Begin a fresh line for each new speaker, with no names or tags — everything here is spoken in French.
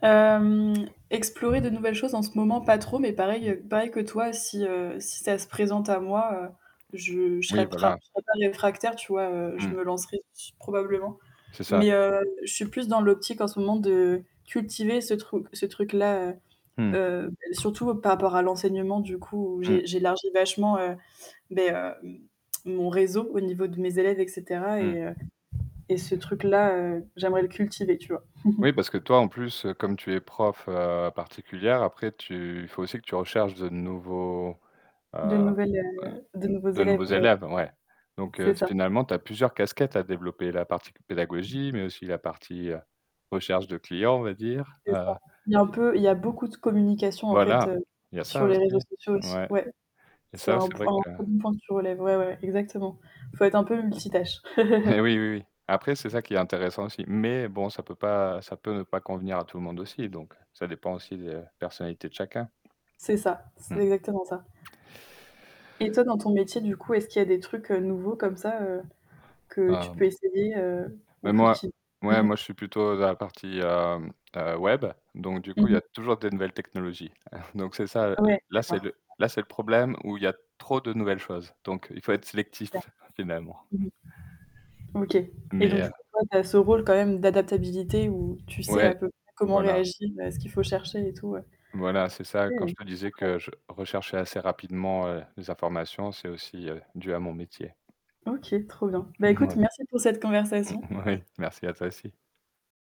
Hem explorer de nouvelles choses en ce moment, pas trop, mais pareil
Mmh.
heu, pareil que toi, si, heu, si ça se présente à moi, heu, je je
Oui,
serais pas
voilà.
je serais pas réfractaire, tu vois, heu, je me
Mmh.
lancerai probablement.
C'est ça.
Mais heu, je suis plus dans l'optique en ce moment de cultiver ce truc ce truc-là.
Mmh.
Heu surtout par rapport à l'enseignement du coup,
Mmh.
j'é j'élargis vachement, heu, mais heu mon réseau au niveau de mes élèves, et cetera,
Mmh.
et heu et ce truc-là, heu, j'aimerais le cultiver, tu vois?
Oui, parce que toi en plus, heu, comme tu es prof heu particulière, après tu il faut aussi que tu recherches de nouveaux,
De
heu
nouvelles heu de nouveaux
de nouveaux
élèves ouais,
élèves ouais. Donc,
c'est
heu,
ça.
finalement, tu as plusieurs casquettes à développer, la partie pédagogie, mais aussi la partie recherche de clients, on va dire,
C'est ça.
heu
Il y a un peu il y a beaucoup de communication en fait,
Voilà.
heu,
Il y a
sur
ça
les
aussi,
réseaux sociaux aussi.
ouais.
Ouais,
Et
c'est
ça,
1
c'est vrai
point
que
1 point que tu relèves, ouais ouais, exactement. Faut être un peu multitâches.
Mais oui, oui, oui. Après, c'est ça qui est intéressant aussi. Mais bon, ça peut pas ça peut ne pas convenir à tout le monde aussi, donc ça dépend aussi de la personnalité de chacun.
C'est ça, c'est
Mmh.
exactement ça. Et toi dans ton métier du coup, est-ce qu'il y a des trucs, heu, nouveaux comme ça, heu, que tu
Ah.
peux essayer, heu, ou
Mais moi
cultiver?
ouais, moi, je suis plutôt dans la partie, heu heu, web, donc du
Mmh
coup, il y a
mh.
toujours des nouvelles technologies. Donc, c'est ça
Ouais
là, c'est
d'accord.
le là, c'est le problème où il y a trop de nouvelles choses. Donc, il faut être
D'a
sélectif finalement.
mmh. OK. Et
Mais
donc du
heu
coup, toi tu as ce rôle quand même d'adaptabilité où tu sais
Ouais.
à peu près comment
Voilà.
réagir et ce qu'il faut chercher et tout, ouais.
Voilà, c'est ça.
OK,
Quand je te disais
incroyable!
que je recherchais assez rapidement, heu, les informations, c'est aussi, heu, dû à mon métier.
OK, trop bien. Bah écoute
Ouais.
merci pour cette conversation.
Moui, merci à toi aussi.